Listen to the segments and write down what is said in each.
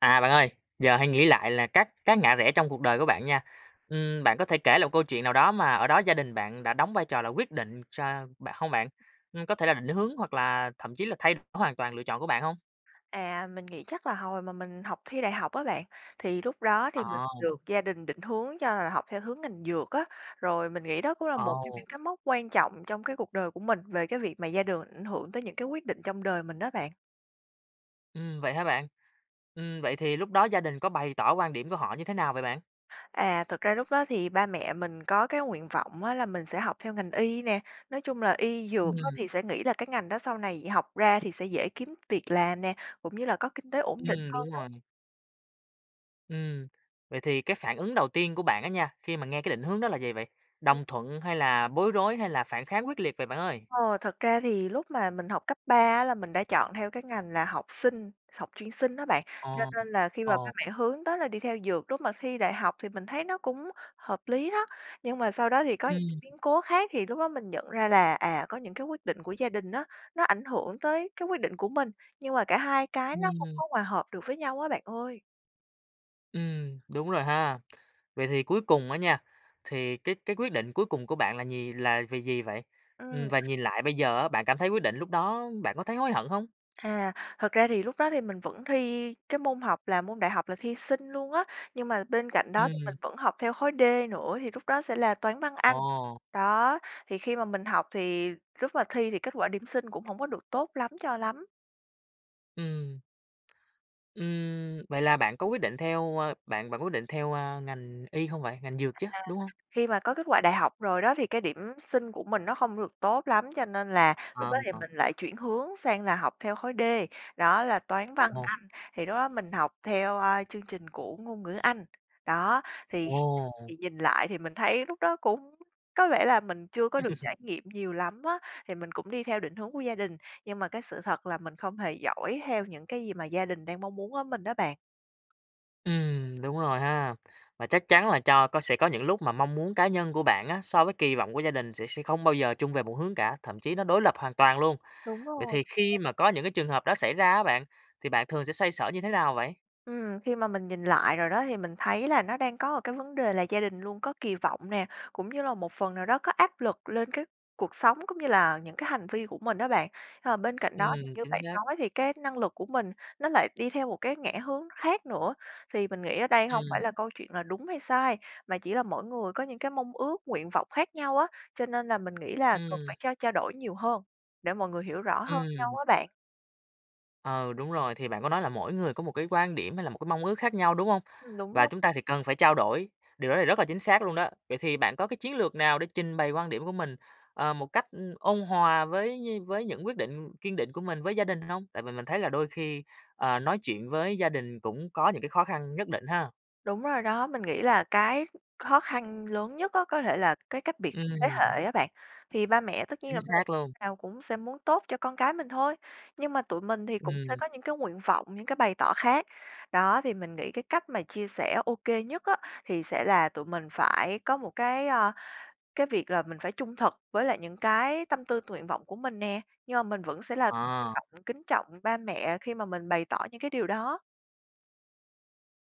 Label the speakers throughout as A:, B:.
A: À, bạn ơi, giờ hãy nghĩ lại là các các ngã rẽ trong cuộc đời của bạn nha, ừm, bạn có thể kể lại câu chuyện nào đó mà ở đó gia đình bạn đã đóng vai trò là quyết định cho bạn hông bạn? Ưm, có thể là định hướng, hoặc là thậm chí là thay đổi hoàn toàn lựa chọn của bạn hông?
B: À, mình nghĩ chắc là hồi mà mình học thi đại học á bạn, thì lúc đó thì
A: Ờ.
B: mình được gia đình định hướng cho là học theo hướng ngành dược á. Rồi mình nghĩ đó cũng là một trong
A: Ồ!
B: những cái mốc quan trọng trong cái cuộc đời của mình về cái việc mà gia đường ảnh hưởng tới những cái quyết định trong đời mình á bạn.
A: Ừm, vậy hả bạn? Ừm, vậy thì lúc đó gia đình có bày tỏ quan điểm của họ như thế nào vậy bạn?
B: À, thật ra lúc đó thì ba mẹ mình có cái nguyện vọng á là mình sẽ học theo ngành y nè. Nói chung là y dược á
A: Ừm.
B: thì sẽ nghĩ là cái ngành đó sau này học ra thì sẽ dễ kiếm việc làm nè, cũng như là có kinh tế ổn định
A: Ừm,
B: hơn
A: đúng
B: đó.
A: rồi. Ừm, vậy thì cái phản ứng đầu tiên của bạn á nha khi mà nghe cái định hướng đó là gì vậy?
B: [unintelligible]
A: Đồng thuận hay là bối rối, hay là phản kháng quyết liệt vậy bạn ơi?
B: Ờ, thật ra thì lúc mà mình học cấp 3 á là mình đã chọn theo cái ngành là học Sinh, học chuyên Sinh đó bạn,
A: Ờ.
B: cho nên là khi mà ba
A: Ồ.
B: mẹ hướng tới là đi theo dược, lúc mà thi đại học thì mình thấy nó cũng hợp lý đó. Nhưng mà sau đó thì có những
A: Ừm.
B: biến cố khác thì lúc đó mình nhận ra là, à, có những cái quyết định của gia đình á, nó ảnh hưởng tới cái quyết định của mình, nhưng mà cả hai cái nó không
A: Ừm.
B: có hòa hợp được với nhau á bạn ơi.
A: Ừm, đúng rồi ha. Vậy thì cuối cùng á nha, thì cái cái quyết định cuối cùng của bạn là nhì là gì gì vậy?
B: Ừm.
A: Ừm, và nhìn lại bây giờ á, bạn cảm thấy quyết định lúc đó bạn có thấy hối hận hông?
B: À, thật ra thì lúc đó thì mình vẫn thi cái môn học là môn đại học là thi Sinh luôn á. Nhưng mà bên cạnh đó mình
A: Ừm.
B: vẫn học theo khối D nữa thì lúc đó sẽ là Toán, Văn, Anh.
A: Ồ.
B: Đó, thì khi mà mình học thì lúc mà thi thì kết quả điểm Sinh cũng hổng được tốt lắm cho lắm.
A: Ừm. Ừm, vậy là bạn có quyết định theo, a, bạn bạn quyết định theo, a, ngành Y không vậy? Ngành Dược
B: À.
A: chứ, đúng hông?
B: Khi mà có kết quả đại học rồi đó, thì cái điểm Sinh của mình nó không được tốt lắm cho nên là lúc đó
A: Ờm,
B: thì
A: ờ.
B: mình lại chuyển hướng sang là học theo khối D, đó là Toán, Văn,
A: Ồ!
B: Anh. Thì lúc đó mình học theo, a, chương trình của Ngôn ngữ Anh, đó, thì kh
A: Ồ!
B: thì nhìn lại thì mình thấy lúc đó cũng có vẻ là mình chưa có được trải nghiệm nhiều lắm á. Thì mình cũng đi theo định hướng của gia đình, nhưng mà cái sự thật là mình không hề giỏi theo những cái gì gia đình đang mong muốn ở mình đó bạn.
A: Ừm, đúng rồi ha. Và chắc chắn là cho có sẽ có những lúc mà mong muốn cá nhân của bạn á, so với kỳ vọng của gia đình sẽ sẽ không bao giờ chung về một hướng cả, thậm chí nó đối lập hoàn toàn luôn.
B: Đúng
A: Vậy
B: rồi
A: thì khi
B: [unintelligible]
A: mà có những cái trường hợp đó xảy ra á bạn, thì bạn thường sẽ xoay sở như thế nào vậy?
B: Ừm, khi mà mình nhìn lại rồi đó thì mình thấy là nó đang có cái vấn đề là gia đình luôn có kỳ vọng nè, cũng như là một phần nào đó có áp lực lên cái cuộc sống cũng như là những cái hành vi của mình á bạn. Ờ, bên cạnh đó thì
A: Ừm,
B: như
A: chính
B: bạn
A: xác.
B: nói thì cái năng lực của mình nó lại đi theo một cái ngã hướng khác nữa. Thì mình nghĩ ở đây hông phải
A: Ừm.
B: là câu chuyện là đúng hay sai, mà chỉ là mỗi người có những cái mong ước, nguyện vọng khác nhau á, cho nên là mình nghĩ là cần
A: Ừm.
B: phải trao trao đổi nhiều hơn để mọi người hiểu rõ hơn nhau
A: Ừm.
B: á bạn.
A: Ừ, đúng rồi, thì bạn có nói là mỗi người có một cái quan điểm hay là một cái mong ước khác nhau, đúng hông?
B: Ừm, đúng
A: Và
B: đó.
A: chúng ta thì cần phải trao đổi, điều đó thì rất là chính xác luôn đó. Vậy thì bạn có cái chiến lược nào để trình bày quan điểm của mình, ờ, một cách, ừm, ôn hòa với như với những quyết định kiên định của mình với gia đình hông? Tại vì mình thấy là đôi khi, ờ, nói chuyện với gia đình cũng có những cái khó khăn nhất định ha!
B: Đúng rồi đó, mình nghĩ là cái khó khăn lớn nhất á có thể là cái cách biệt thế
A: Ừm.
B: hệ á bạn. Thì ba mẹ tất nhiên
A: Chính
B: [unintelligible]
A: xác luôn.
B: nào cũng sẽ muốn tốt cho con cái mình thôi, nhưng mà tụi mình thì cũng sẽ
A: Ừm.
B: có những cái nguyện vọng, những cái bày tỏ khác. Đó, thì mình nghĩ cái cách mà chia sẻ OK nhất á, thì sẽ là tụi mình phải có một cái, a, cái việc là mình phải trung thực với lại những cái tâm tư t nguyện vọng của mình nè, nhưng mà mình vẫn sẽ là
A: Ờ.
B: trọng kính trọng ba mẹ khi mà mình bày tỏ những cái điều đó.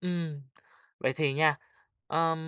A: Ừm. Vậy thì nha, ờm,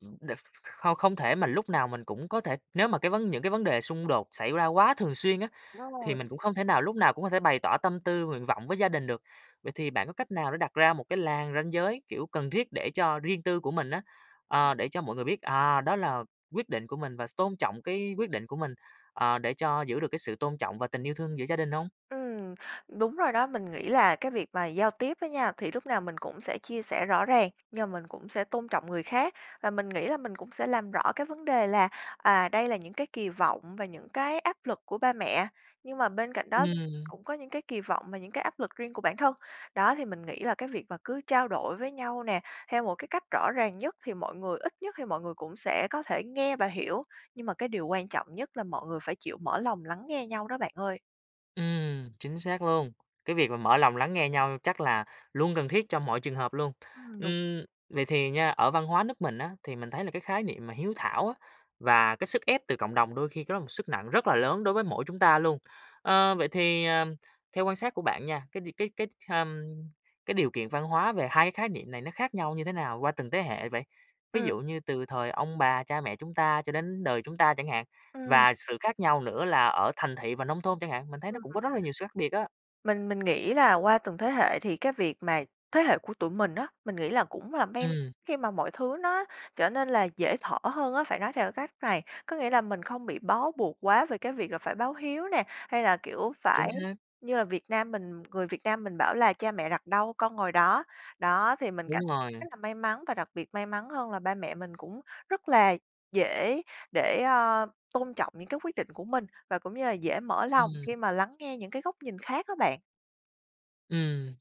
A: ừm, đ không không thể mà lúc nào mình cũng có thể nếu mà cái vấn những cái vấn đề xung đột xảy ra quá thường xuyên á,
B: Đúng
A: thì
B: rồi.
A: mình cũng không thể nào lúc nào cũng có thể bày tỏ tâm tư nguyện vọng với gia đình được. Vậy thì bạn có cách nào để đặt ra một cái làn ranh giới, kiểu, cần thiết để cho riêng tư của mình á, ờ, để cho mọi người biết, à, đó là quyết định của mình và s tôn trọng cái quyết định của mình, ờ, để cho giữ được cái sự tôn trọng và tình yêu thương giữa gia đình hông?
B: Ừm, đúng rồi đó. Mình nghĩ là cái việc mà giao tiếp á nha, thì lúc nào mình cũng sẽ chia sẻ rõ ràng nhưng mà mình cũng sẽ tôn trọng người khác, và mình nghĩ là mình cũng sẽ làm rõ cái vấn đề là, à, đây là những cái kỳ vọng và những cái áp lực của ba mẹ. Nhưng mà bên cạnh đó
A: Ừm.
B: cũng có những cái kỳ vọng và những cái áp lực riêng của bản thân, đó. Thì mình nghĩ là cái việc mà cứ trao đổi với nhau nè, theo một cái cách rõ ràng nhất thì mọi người ít nhất thì mọi người cũng sẽ có thể nghe và hiểu. Nhưng mà cái điều quan trọng nhất là mọi người phải chịu mở lòng lắng nghe nhau đó bạn ơi.
A: Ừm. Chính xác luôn, cái việc mà mở lòng lắng nghe nhau chắc là luôn cần thiết cho mọi trường hợp luôn.
B: Ừm, đúng.
A: Ưm, vậy thì nha, ở văn hóa nước mình á, thì mình thấy là cái khái niệm mà hiếu thảo á, và cái sức ép từ cộng đồng đôi khi cái đó một sức nặng rất là lớn đối với mỗi chúng ta luôn. Ơ, vậy thì, à, theo quan sát của bạn nha, cái đ cái cái, hừm, cái điều kiện văn hóa về hai cái khái niệm này nó khác nhau như thế nào qua từng tế hệ vậy? Ví
B: Ừm.
A: dụ như từ thời ông bà cha mẹ chúng ta cho đến đời chúng ta chẳng hạn,
B: Ừm.
A: và sự khác nhau nữa là ở thành thị và nông thôn chẳng hạn, mình thấy nó
B: Ừm.
A: cũng có rất là nhiều sự khác biệt á.
B: Mình mình nghĩ là qua từng thế hệ thì cái việc mà thế hệ của tụi mình á, mình nghĩ là cũng là bem
A: Ừm.
B: khi mà mọi thứ nó trở nên, là, dễ thở hơn á, phải nói theo cái cách này, có nghĩa là mình không bị bó buộc quá về cái việc là phải báo hiếu nè, hay là, kiểu,
A: Chính
B: phải
A: xác.
B: như là Việt Nam mình người Việt Nam mình bảo là "Cha mẹ đặt đâu con ngồi đó." Đó, thì mình cảm
A: Đúng
B: [unintelligible]
A: rồi.
B: rất là may mắn và đặc biệt may mắn hơn là ba mẹ mình cũng rất là dễ để, a, tôn trọng những cái quyết định của mình, và cũng như là dễ mở lòng
A: Ừm.
B: khi mà lắng nghe những cái góc nhìn khác á bạn.
A: Ừm.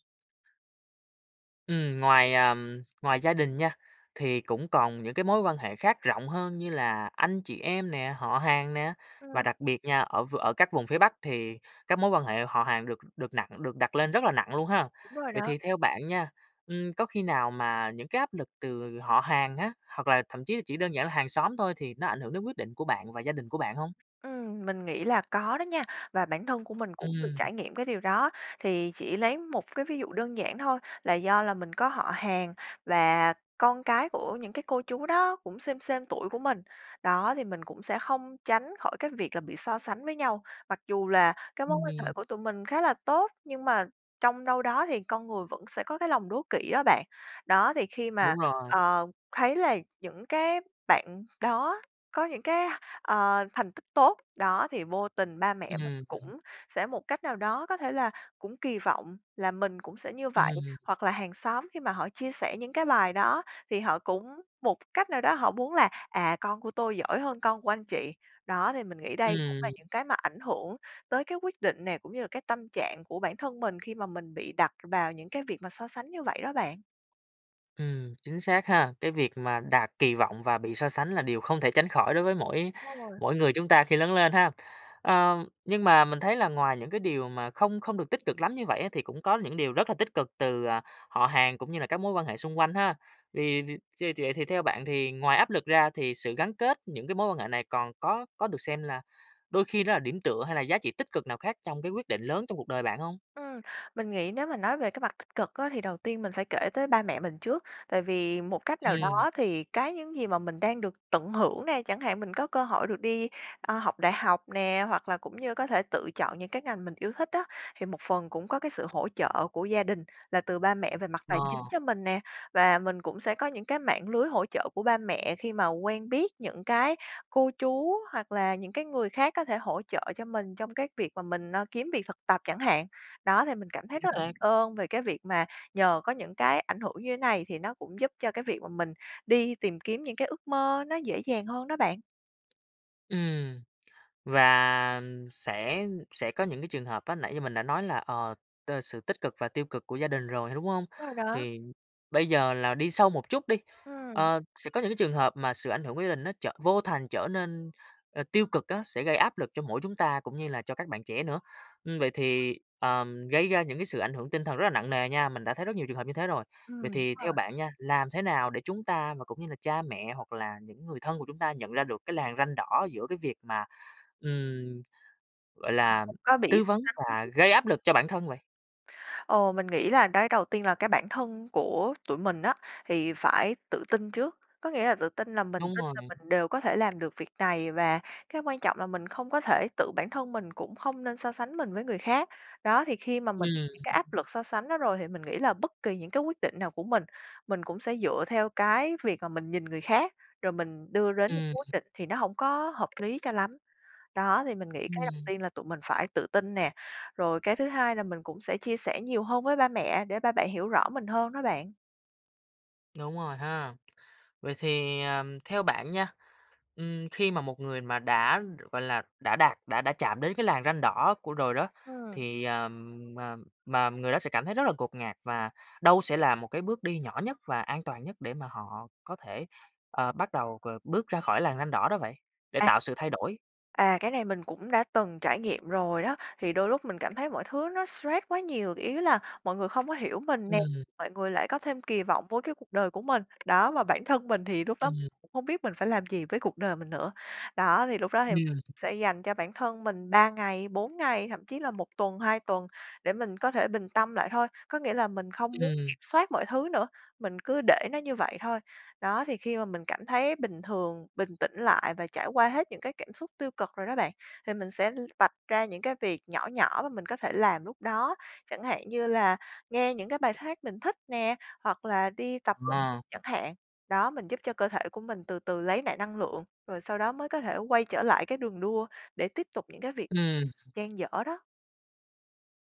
A: Ừm, ngoài, à, ngoài gia đình nha, thì cũng còn những cái mối quan hệ khác rộng hơn như là anh chị em nè, họ hàng nè, và
B: Ừm.
A: đặc biệt nha, ở v ở các vùng phía Bắc thì các mối quan hệ họ hàng được được nặng được đặt lên rất là nặng luôn ha!
B: Đúng rồi
A: Vậy
B: đó.
A: thì theo bạn nha, ưm, có khi nào mà những cái áp lực từ họ hàng á, hoặc là thậm chí chỉ đơn giản là hàng xóm thôi thì nó ảnh hưởng đến quyết định của bạn và gia đình của bạn hông?
B: Ừm, mình nghĩ là có đó nha, và bản thân của mình cũng được
A: Ừm.
B: trải nghiệm cái điều đó. Thì chỉ lấy một cái ví dụ đơn giản thôi là do là mình có họ hàng và con cái của những cái cô chú đó cũng xêm xêm tuổi của mình. Đó, thì mình cũng sẽ không tránh khỏi cái việc là bị so sánh với nhau, mặc dù là cái mối quan hệ
A: Ừm.
B: của tụi mình khá là tốt, nhưng mà trong đâu đó thì con người vẫn sẽ có cái lòng đố kỵ đó bạn. Đó, thì khi mà,
A: Đúng rồi.
B: ờ, thấy là những cái bạn đó có những cái, ờ, thành tích tốt, đó, thì vô tình ba mẹ mình
A: Ừm.
B: cũng sẽ một cách nào đó có thể là cũng kỳ vọng là mình cũng sẽ như vậy.
A: Ừm.
B: Hoặc là hàng xóm khi mà họ chia sẻ những cái bài đó, thì họ cũng một cái cách nào đó họ muốn là, à, "Con của tôi giỏi hơn con của anh chị." Đó, thì mình nghĩ đây cũng là
A: Ừm.
B: những cái mà ảnh hưởng tới cái quyết định nè, cũng như là cái tâm trạng của bản thân mình khi mà mình bị đặt vào những cái việc mà so sánh như vậy đó bạn.
A: Ừm, chính xác ha! Cái việc mà đạt kỳ vọng và bị so sánh là điều không thể tránh khỏi đối với mỗi
B: Rồi.
A: mỗi người chúng ta khi lớn lên ha. Ờ, nhưng mà mình thấy là ngoài những cái điều mà không không được tích cực lắm như vậy á, thì cũng có những điều rất là tích cực từ, à, họ hàng cũng như là các mối quan hệ xung quanh ha! Thì từ chê vậy thì theo bạn thì ngoài áp lực ra thì sự gắn kết những cái mối quan hệ này còn có có được xem là đôi khi nó là điểm tựa, hay là giá trị tích cực nào khác trong cái quyết định lớn trong cuộc đời bạn hông?
B: Ừm, mình nghĩ nếu mà nói về cái mặt tích cực á, thì đầu tiên mình phải kể tới ba mẹ mình trước. Tại vì một cách nào
A: Ừm.
B: đó thì cái những gì mà mình đang được tận hưởng nè, chẳng hạn mình có cơ hội được đi, a, học đại học nè, hoặc là cũng như có thể tự chọn những cái ngành mình yêu thích á, thì một phần cũng có cái sự hỗ trợ của gia đình là từ ba mẹ về mặt tài
A: Ờ.
B: chính cho mình nè. Và mình cũng sẽ có những cái mạng lưới hỗ trợ của ba mẹ khi mà quen biết những cái cô chú hoặc là những cái người khác có thể hỗ trợ cho mình trong cái việc mà mình, ơ, kiếm việc thực tập chẳng hạn. Đó, thì mình cảm thấy
A: Chính
B: rất là biết
A: xác.
B: ơn về cái việc mà nhờ có những cái ảnh hưởng như thế này, thì nó cũng giúp cho cái việc mà mình đi tìm kiếm những cái ước mơ nó dễ dàng hơn đó bạn.
A: Ừm, và sẽ sẽ có những cái trường hợp á, nãy như mình đã nói là, ờ, t sự tích cực và tiêu cực của gia đình rồi, đúng hông?
B: Rồi đó.
A: Thì bây giờ là đi sâu một chút đi,
B: Ừm.
A: ơ, sẽ có những cái trường hợp mà sự ảnh hưởng của gia đình nó trở vô thành trở nên, ơ, tiêu cực á, sẽ gây áp lực cho mỗi chúng ta cũng như là cho các bạn trẻ nữa. Ưm, vậy thì, ờm, gây ra những cái sự ảnh hưởng tinh thần rất là nặng nề nha, mình đã thấy rất nhiều trường hợp như thế rồi.
B: Ừm,
A: Vậy
B: đúng
A: thì theo
B: rồi.
A: bạn nha, làm thế nào để chúng ta, mà cũng như là cha mẹ hoặc là những người thân của chúng ta nhận ra được cái làn ranh đỏ giữa cái việc mà, ừm, gọi
B: Bạn
A: là,
B: cũng có bị
A: tư vấn và
B: [unintelligible]
A: gây áp lực cho bản thân vậy?
B: Ừ, mình nghĩ là nói đầu tiên là cái bản thân của tụi mình á, thì phải tự tin trước. Có nghĩa là tự tin là mình
A: Đúng
B: tin
A: rồi.
B: là mình đều có thể làm được việc này, và cái quan trọng là mình không có thể tự bản thân mình cũng không nên so sánh mình với người khác. Đó, thì khi mà mình
A: Ừm.
B: những cái áp lực so sánh đó rồi thì mình nghĩ là bất kỳ những cái quyết định nào của mình, mình cũng sẽ dựa theo cái việc mà mình nhìn người khác, rồi mình đưa đến những cái
A: Ừm.
B: quyết định thì nó hổng có hợp lý cho lắm. Đó, thì mình nghĩ cái đầu
A: Ừm.
B: tiên là tụi mình phải tự tin nè, rồi cái thứ 2 là mình cũng sẽ chia sẻ nhiều hơn với ba mẹ, để ba mẹ hiểu rõ mình hơn đó bạn.
A: Đúng rồi ha! Vậy thì, à, theo bạn nha, ừm, khi mà một người mà đã, gọi là, đã đạt, đã đã chạm đến cái làn ranh đỏ của rồi đó.
B: Ừm.
A: Thì, à, mà mà người đó sẽ cảm thấy rất là ngột ngạt, và đâu sẽ là một cái bước đi nhỏ nhất và an toàn nhất để mà họ có thể, ờ, bắt đầu c bước ra khỏi làn ranh đỏ đó vậy, để
B: À.
A: tạo sự thay đổi?
B: À, cái này mình cũng đã từng trải nghiệm rồi đó, thì đôi lúc mình cảm thấy mọi thứ nó stress quá nhiều. Ý là mọi người không có hiểu mình nè,
A: Ừm.
B: mọi người lại có thêm kỳ vọng vô cái cuộc đời của mình. Đó, mà bản thân mình thì lúc đó
A: Ừm.
B: cũng không biết mình phải làm gì với cuộc đời mình nữa. Đó, thì lúc đó thì
A: Ừm.
B: sẽ dành cho bản thân mình 3 ngày, 4 ngày, thậm chí là 1 tuần, 2 tuần để mình có thể bình tâm lại thôi. Có nghĩa là mình không muốn
A: Ừm.
B: kiểm soát mọi thứ nữa, mình cứ để nó như vậy thôi. Đó, thì khi mà mình cảm thấy bình thường, bình tĩnh lại và trải qua hết những cái cảm xúc tiêu cực rồi đó bạn, thì mình sẽ l vạch ra những cái việc nhỏ nhỏ mà mình có thể làm lúc đó. Chẳng hạn như là nghe những cái bài hát mình thích nè, hoặc là đi tập [unintelligible]
A: Ờ.
B: chẳng hạn. Đó, mình giúp cho cơ thể của mình từ từ lấy lại năng lượng, rồi sau đó mới có thể quay trở lại cái đường đua để tiếp tục những cái việc
A: Ừm.
B: dang dở đó.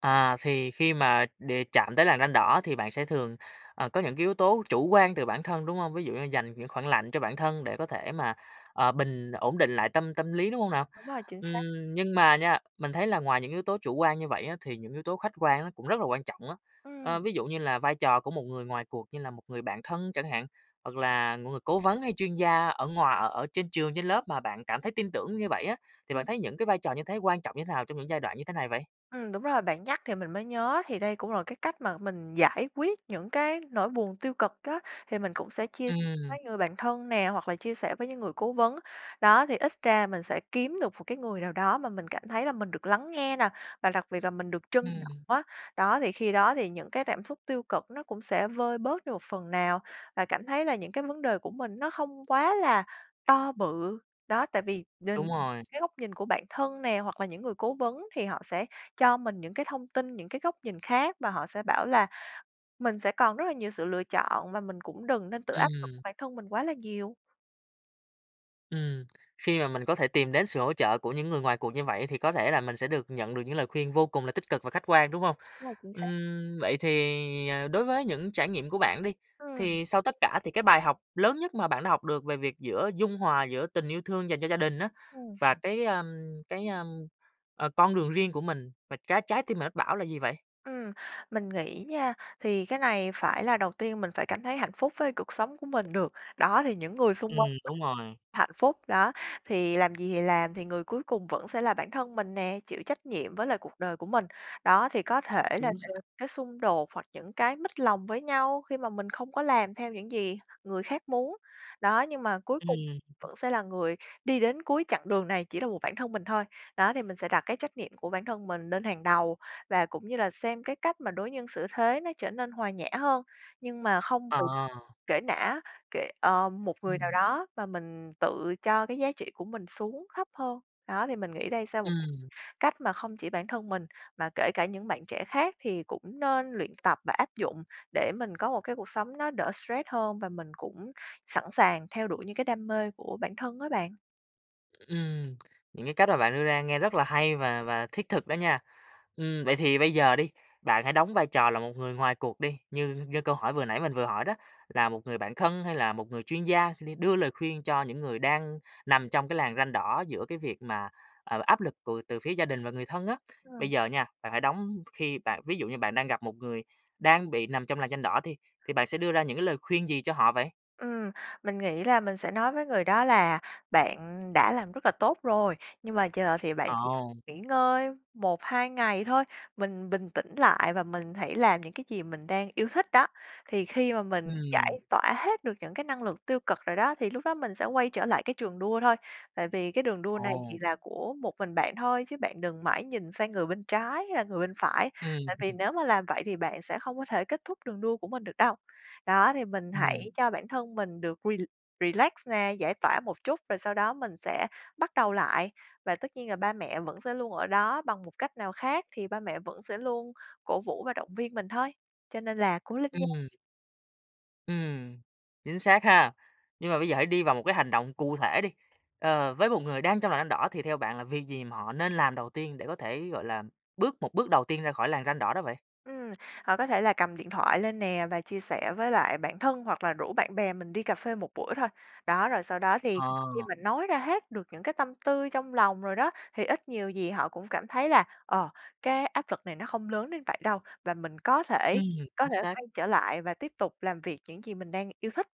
A: À, thì khi mà đề chạm tới làn ranh đỏ, thì bạn sẽ thường, ờ, có những cái yếu tố chủ quan từ bản thân, đúng không? Ví dụ như dành những khoảng lạnh cho bản thân để có thể mà, ờ, bình ổn định lại tâm tâm lý, đúng không nào?
B: Đúng rồi, chính xác.
A: Ừm, nhưng mà nha, mình thấy là ngoài những yếu tố chủ quan như vậy á, thì những yếu tố khách quan á cũng rất là quan trọng á.
B: Ừm.
A: Ơ, ví dụ như là vai trò của một người ngoài cuộc như là một người bạn thân chẳng hạn, hoặc là người cố vấn, hay chuyên gia ở ngoà ở ở trên trường, trên lớp mà bạn cảm thấy tin tưởng như vậy á, thì bạn
B: Ừm.
A: thấy những cái vai trò như thế quan trọng như thế nào trong những giai đoạn như thế này vậy?
B: Ừm, đúng rồi, bạn nhắc thì mình mới nhớ, thì đây cũng là một cái cách mà mình giải quyết những cái nỗi buồn tiêu cực đó. Thì mình cũng sẽ chia
A: Ừm.
B: với người bạn thân nè, hoặc là chia sẻ với những người cố vấn. Đó, thì ít ra mình sẽ kiếm được một cái người nào đó mà mình cảm thấy là mình được lắng nghe nè, và đặc biệt là mình được trân trọng
A: Ừm.
B: á. Đó, thì khi đó thì những cái cảm xúc tiêu cực nó cũng sẽ vơi bớt được phần nào và cảm thấy là những cái vấn đề của mình nó không quá là to bự. Đó, tại vì nhìn
A: Đúng rồi.
B: cái góc nhìn của bạn thân nè, hoặc là những người cố vấn thì họ sẽ cho mình những cái thông tin, những cái góc nhìn khác, và họ sẽ bảo là mình sẽ còn rất là nhiều sự lựa chọn, và mình cũng đừng nên tự áp lực
A: Ừm.
B: bản thân mình quá là nhiều.
A: Ừm, khi mà mình có thể tìm đến sự hỗ trợ của những người ngoài cuộc như vậy, thì có thể là mình sẽ được nhận được những lời khuyên vô cùng là tích cực và khách quan, đúng hông?
B: Rồi, chính xác.
A: Ừm, vậy thì, à, đối với những trải nghiệm của bạn đi,
B: Ừm.
A: thì sau tất cả thì cái bài học lớn nhất mà bạn đã học được về việc giữa dung hòa giữa tình yêu thương dành cho gia đình á,
B: Ừm.
A: và cái, a, cái, a, ờ, con đường riêng của mình và trái trái tim bạn mách bảo là gì vậy?
B: Ừm. Mình nghĩ nha, thì cái này phải là đầu tiên mình phải cảm thấy hạnh phúc với cuộc sống của mình được, đó, thì những người xung
A: Ừm,
B: quanh
A: đúng rồi.
B: [unintelligible] hạnh phúc, đó. Thì làm gì thì làm, thì người cuối cùng vẫn sẽ là bản thân mình nè, chịu trách nhiệm với lại cuộc đời của mình. Đó, thì có thể là
A: Chính
B: sẽ có
A: xác.
B: cái xung đột hoặc những cái mếch lòng với nhau khi mà mình không có làm theo những gì người khác muốn. Đó, nhưng mà cuối cùng
A: Ừm.
B: vẫn sẽ là người đi đến cuối chặng đường này chỉ là một bản thân mình thôi. Đó, thì mình sẽ đặt cái trách nhiệm của bản thân mình lên hàng đầu và cũng như là xem cái cách mà đối nhân xử thế nó trở nên hòa nhã hơn, nhưng mà không
A: Ờ.
B: [unintelligible] kể nã kệ ờ, một người nào
A: Ừm.
B: đó và mình tự cho cái giá trị của mình xuống thấp hơn. Đó, thì mình nghĩ đây sẽ là một
A: Ừm.
B: cách mà không chỉ bản thân mình, mà kể cả những bạn trẻ khác thì cũng nên luyện tập và áp dụng, để mình có một cái cuộc sống nó đỡ stress hơn và mình cũng sẵn sàng theo đuổi những cái đam mê của bản thân á bạn.
A: Ừm, những cái cách mà bạn đưa ra nghe rất là hay và và thiết thực đó nha. Ừm, vậy thì bây giờ đi, bạn hãy đóng vai trò là một người ngoài cuộc đi, như như câu hỏi vừa nãy mình vừa hỏi đó, là một người bạn thân hay là một người chuyên gia, sẽ đi đưa lời khuyên cho những người đang nằm trong cái làn ranh đỏ giữa cái việc mà, ờ, áp lực của từ phía gia đình và người thân á. Bây
B: Ừm.
A: giờ nha, bạn hãy đóng khi bạn ví dụ như bạn đang gặp một người đang bị nằm trong làn ranh đỏ đi, thì bạn sẽ đưa ra những cái lời khuyên gì cho họ vậy?
B: Ừm, mình nghĩ là mình sẽ nói với người đó là "Bạn đã làm rất là tốt rồi nhưng mà chờ thì bạn
A: Ờ.
B: chỉ cần nghỉ ngơi 1-2 ngày thôi, mình bình tĩnh lại và mình hãy làm những cái gì mình đang yêu thích đó. Thì khi mà mình
A: Ừm.
B: giải tỏa hết được những cái năng lực tiêu cực rồi đó, thì lúc đó mình sẽ quay trở lại cái trường đua thôi. Tại vì cái đường đua này thì
A: Ồ!
B: là của một mình bạn thôi chứ bạn đừng mãi nhìn sang người bên trái hay là người bên phải.
A: Ừm.
B: Tại vì nếu mà làm vậy thì bạn sẽ không có thể kết thúc đường đua của mình được đâu. Đó, thì mình hãy
A: Ừm.
B: cho bản thân mình được re relax nè, giải tỏa một chút, rồi sau đó mình sẽ bắt đầu lại. Và tất nhiên là ba mẹ vẫn sẽ luôn ở đó bằng một cách nào khác thì ba mẹ vẫn sẽ luôn cổ vũ và động viên mình thôi. Cho nên là cố lên nha!"
A: Ừm. Ừm, chính xác ha! Nhưng mà bây giờ hãy đi vào một cái hành động cụ thể đi, ờ, với một người đang trong làn ranh đỏ thì theo bạn là việc gì mà họ nên làm đầu tiên để có thể, gọi là, bước một bước đầu tiên ra khỏi làn ranh đỏ đó vậy?
B: Ừm, hoặc có thể là cầm điện thoại lên nè, và chia sẻ với lại bạn thân hoặc là rủ bạn bè mình đi cafe một buổi thôi. Đó, rồi sau đó thì khi
A: Ờ.
B: mình nói ra hết được những cái tâm tư trong lòng rồi đó, thì ít nhiều gì họ cũng cảm thấy là, ờ, cái áp lực này nó không lớn đến vậy đâu, và mình có thể
A: Ừm,
B: có
A: chính
B: thể
A: xác.
B: quay trở lại và tiếp tục làm việc những gì mình đang yêu thích.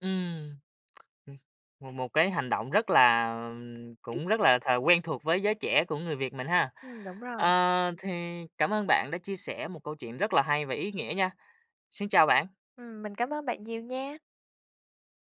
A: Ừm. ừm, một một cái hành động rất là, à, cũng
B: [unintelligible]
A: rất là th quen thuộc với giới trẻ của người Việt mình ha!
B: Ừm, đúng rồi.
A: Ờ, thì, cảm ơn bạn đã chia sẻ một câu chuyện rất là hay và ý nghĩa nha. Xin chào bạn!
B: Ừm, mình cảm ơn bạn nhiều nha!